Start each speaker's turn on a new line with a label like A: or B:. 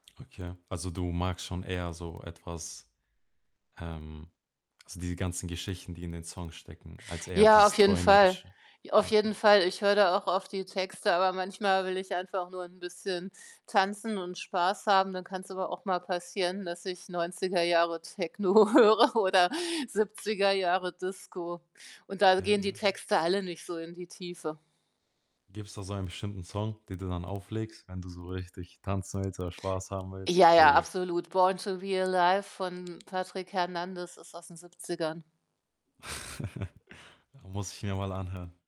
A: Okay. Also, du magst schon eher so etwas, ähm, also diese ganzen Geschichten, die in den Songs stecken, als eher
B: Ja,
A: dieses
B: auf jeden Fall.
A: Träumerische.
B: I auf
A: Ja, ja,
B: jeden
A: ja.
B: Fall. Ich höre da auch auf die Texte, aber manchmal will ich einfach nur 'n bisschen tanzen und Spaß haben. Dann kann's aber auch mal passieren, dass ich 90er Jahre Techno höre oder 70er Jahre Disco, und da
A: Ja, ja,
B: gehen die
A: ja.
B: Texte alle nicht so in die Tiefe.
A: Gibt 's da so ein bestimmten Song, den du dann auflegst, wenn du so richtig tanzen willst oder Spaß haben willst?
B: Ja, ja,
A: [unintelligible]
B: absolut. Born to be alive von Patrick Hernandez ist aus den 70ern.
A: Muss ich mir mal anhören.